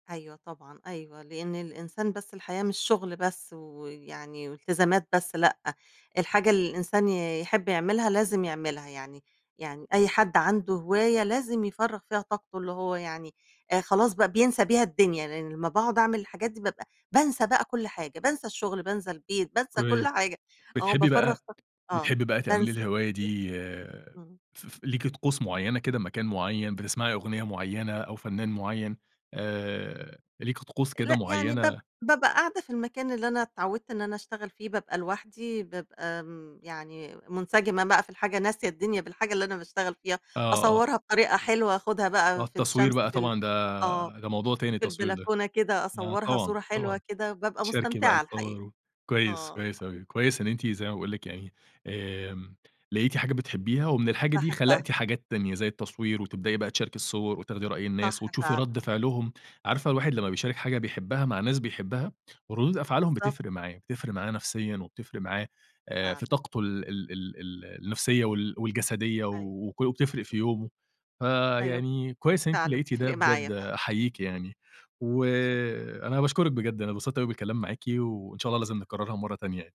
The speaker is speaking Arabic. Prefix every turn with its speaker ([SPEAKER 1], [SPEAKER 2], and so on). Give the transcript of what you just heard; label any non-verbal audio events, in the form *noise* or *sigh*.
[SPEAKER 1] أيوه طبعًا أيوه، لإن الإنسان بس الحياة مش شغل بس ويعني والتزامات بس، لأ، الحاجة اللي الإنسان ي يحب يعملها لازم يعملها، يعني يعني أي حد عنده هواية لازم يفرّغ فيها طاقته اللي هو يعني آآ خلاص بقى بينسى بيها الدنيا، لإن لمّا باقعُد أعمل الحاجات دي بابقى بانسى بقى كل حاجة، بانسى الشغل، بانسى البيت، بانسى كل
[SPEAKER 2] كويس.
[SPEAKER 1] حاجة، آه
[SPEAKER 2] بتحبي
[SPEAKER 1] بافرّغ
[SPEAKER 2] بقى
[SPEAKER 1] طاق آه
[SPEAKER 2] بتحبي بقى تعملي
[SPEAKER 1] بانسى
[SPEAKER 2] الهواية
[SPEAKER 1] يه
[SPEAKER 2] دي
[SPEAKER 1] إمم.
[SPEAKER 2] ف ف ليكِ طقوس مُعيّنة كده مكان مُعيّن بتسمعي أُغنية معيّنة أو فنان معيّن آآ ليكِ طقوس كده
[SPEAKER 1] لأ يعني باب
[SPEAKER 2] مُعيّنة؟
[SPEAKER 1] بابقى قاعدة في المكان اللي أنا اتعوّدت إن أنا اشتغل فيه، بابقى لوحدي، بابقى م يعني مُنسجمة بقى في الحاجة، ناسية الدنيا بالحاجة اللي أنا باشتغل فيها،
[SPEAKER 2] آه، آه.
[SPEAKER 1] أصوّرها بطريقة حلوة، آخُدها
[SPEAKER 2] آه
[SPEAKER 1] بقى في
[SPEAKER 2] التصوير
[SPEAKER 1] الشمس
[SPEAKER 2] بقى
[SPEAKER 1] في ال
[SPEAKER 2] طبعًا
[SPEAKER 1] آه،
[SPEAKER 2] ده، ده موضوع تاني
[SPEAKER 1] في
[SPEAKER 2] التصوير ده،
[SPEAKER 1] البلكونة كده
[SPEAKER 2] آه
[SPEAKER 1] أصوّرها
[SPEAKER 2] طبعًا
[SPEAKER 1] صورة
[SPEAKER 2] طبعًا،
[SPEAKER 1] حلوة كده، بابقى
[SPEAKER 2] تشاركي بقى
[SPEAKER 1] مستمتعة
[SPEAKER 2] الصور
[SPEAKER 1] الحقيقة.
[SPEAKER 2] و كويس،
[SPEAKER 1] آه.
[SPEAKER 2] كويس أوي كويس إن أنتِ زي ما باقول لِك يعني، آمم لقيتِ حاجة بتحبيها، ومن الحاجة دي خلقتِ
[SPEAKER 1] باحبّها.
[SPEAKER 2] حاجات تانية، زي التصوير وتبدئي بقى تشاركِ الصور، وتاخدي رأي الناس،
[SPEAKER 1] صح
[SPEAKER 2] وتشوفي رَد
[SPEAKER 1] فعلًا.
[SPEAKER 2] فعلهم، عارفة الواحد لمّا بيشارك حاجة بيحبّها مع ناس بيحبها ردُود أفعالهم
[SPEAKER 1] بالضبط.
[SPEAKER 2] بتفرِق معاه، بتفرق معانا نفسيًا وبتفرق معاه آآ
[SPEAKER 1] فعلًا.
[SPEAKER 2] في طاقته ال ال ال ال النفسية وال والجسدية
[SPEAKER 1] أيوه.
[SPEAKER 2] وكو وبتفرِق في
[SPEAKER 1] *unintelligible*
[SPEAKER 2] يومه،
[SPEAKER 1] أيوه ب
[SPEAKER 2] فيعني كويس إن أنتِ
[SPEAKER 1] فعلًا،
[SPEAKER 2] لقيتِ ده
[SPEAKER 1] بتفرق
[SPEAKER 2] بجد
[SPEAKER 1] معايا فعلُا. إمم.
[SPEAKER 2] أحييكِ يعني،
[SPEAKER 1] شكرًا.
[SPEAKER 2] وأنا باشكرِك بجد، أنا انبسطت أوي بالكلام معاكِ، وإن شاء الله لازم نكررها مرّة تانية يعني.